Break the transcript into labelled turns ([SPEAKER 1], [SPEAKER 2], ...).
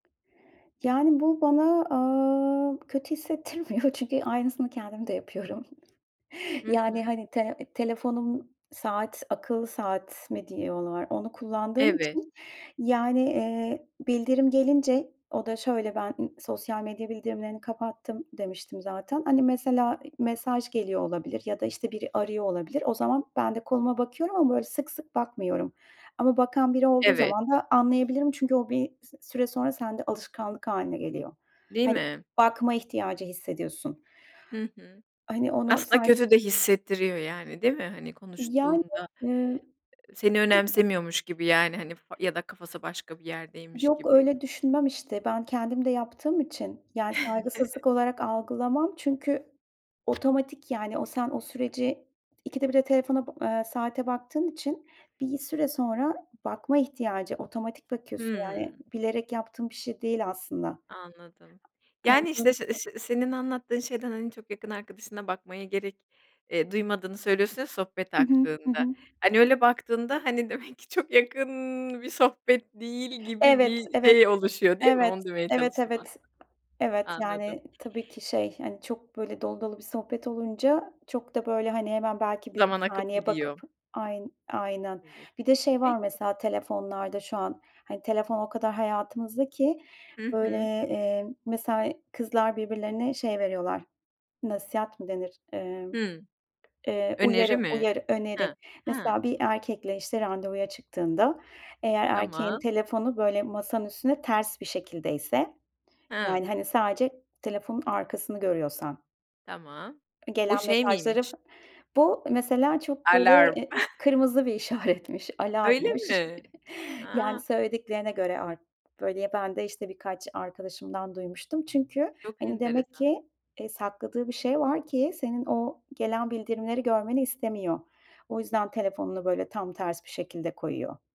[SPEAKER 1] Yani bu bana, aaa, kötü hissettirmiyor çünkü aynısını kendim de yapıyorum.
[SPEAKER 2] Hı hı.
[SPEAKER 1] Yani hani tele telefonum saat, akıllı saat mi diyorlar onu kullandığım
[SPEAKER 2] Evet.
[SPEAKER 1] için yani, eee, bildirim gelince o da şöyle, ımm, ben sosyal medya bildirimlerini kapattım demiştim zaten hani mesela i mesaj geliyor olabilir ya da, işte, biri arıyor olabilir o zaman ben de koluma bakıyorum ama böyle sık sık bakmıyorum ama bakan biri olduğu
[SPEAKER 2] Evet.
[SPEAKER 1] zaman da anlayabilirim çünkü o bir s süre sonra sende alışkanlık hâline geliyor.
[SPEAKER 2] Değil
[SPEAKER 1] Hani
[SPEAKER 2] mi?
[SPEAKER 1] bakma ihtiyacı hissediyorsun.
[SPEAKER 2] Hı hı.
[SPEAKER 1] Hani onu
[SPEAKER 2] Aslında
[SPEAKER 1] sen
[SPEAKER 2] kötü de hissettiriyor yani, değil mi? Hani
[SPEAKER 1] Yani,
[SPEAKER 2] konuştuğunda,
[SPEAKER 1] ııı,
[SPEAKER 2] ııı, seni
[SPEAKER 1] [unintelligible]
[SPEAKER 2] önemsemiyormuş gibi yani hani f ya da kafası başka bir yerdeymiş
[SPEAKER 1] Yok
[SPEAKER 2] gibi.
[SPEAKER 1] öyle düşünmem işte. Ben kendim de yaptığım için yani saygısızlık olarak algılamam çünkü otomatik yani o sen o süreci ikide birde telefona ba ııı, saate baktığım için bir süre sonra bakma ihtiyacı otomatik bakıyorsun yani
[SPEAKER 2] Hımm.
[SPEAKER 1] bilerek yaptığım bir şey değil aslında.
[SPEAKER 2] Anladım.
[SPEAKER 1] Hani
[SPEAKER 2] Yani işt,
[SPEAKER 1] böyle
[SPEAKER 2] şe se
[SPEAKER 1] [unintelligible]
[SPEAKER 2] se senin anlattığın şeyden, hani çok yakın arkadaşına bakmaya gerek, eee, duymadığını söylüyorsun ya sohbet
[SPEAKER 1] Hı hı. Hı
[SPEAKER 2] aktığında.
[SPEAKER 1] hı.
[SPEAKER 2] Hani öyle baktığında, hani, demek ki çok yakın bir sohbet değil gibi
[SPEAKER 1] Evet,
[SPEAKER 2] bir
[SPEAKER 1] evet,
[SPEAKER 2] şey oluşuyor, değil mi?
[SPEAKER 1] evet,
[SPEAKER 2] Onu demeye
[SPEAKER 1] evet,
[SPEAKER 2] çalıştım
[SPEAKER 1] evet.
[SPEAKER 2] aslında.
[SPEAKER 1] Evet,
[SPEAKER 2] Anladım.
[SPEAKER 1] yani tabii ki şey, hani, çok böyle dolu dolu bir sohbet olunca çok da böyle hani hemen belki bir 1
[SPEAKER 2] Zaman akıp
[SPEAKER 1] saniye bakıp
[SPEAKER 2] gidiyor.
[SPEAKER 1] ayn aynen.
[SPEAKER 2] Evet.
[SPEAKER 1] Bir de şey var
[SPEAKER 2] Peki.
[SPEAKER 1] mesela telefonlarda şu an. Hani telefon o kadar hayatımızdaki
[SPEAKER 2] Hı
[SPEAKER 1] böyle,
[SPEAKER 2] hı.
[SPEAKER 1] eee, mesela kızlar birbirlerine şey veriyorlar, nasihat mı denir, emm,
[SPEAKER 2] Hımm.
[SPEAKER 1] eee,
[SPEAKER 2] Öneri
[SPEAKER 1] uyarı,
[SPEAKER 2] mi?
[SPEAKER 1] uyarı öneri.
[SPEAKER 2] Ha. Ha.
[SPEAKER 1] Mesela bir erkekle, işte, randevuya çıktığında eğer erkeğin
[SPEAKER 2] Tamam.
[SPEAKER 1] telefonu böyle masanın üstünde ters bir şekildeyse
[SPEAKER 2] Ha.
[SPEAKER 1] yani hani sadece telefonun arkasını görüyorsan.
[SPEAKER 2] Tamam.
[SPEAKER 1] E,
[SPEAKER 2] Bu
[SPEAKER 1] gelen
[SPEAKER 2] şey
[SPEAKER 1] mesajları
[SPEAKER 2] miymiş?
[SPEAKER 1] Bu mesela çok böyle,
[SPEAKER 2] Alarm.
[SPEAKER 1] eee, kırmızı bir işaretmiş,
[SPEAKER 2] Öyle
[SPEAKER 1] alarmmış.
[SPEAKER 2] mi?
[SPEAKER 1] Yani
[SPEAKER 2] A.
[SPEAKER 1] söylediklerine göre artık, böyle, ben de işte birkaç arkadaşımdan duymuştum çünkü
[SPEAKER 2] Çok
[SPEAKER 1] hani demek
[SPEAKER 2] enteresan.
[SPEAKER 1] ki, eee, sakladığı bir şey var ki senin o gelen bildirimleri görmeni istemiyor. O yüzden telefonunu böyle tam ters bir şekilde koyuyor.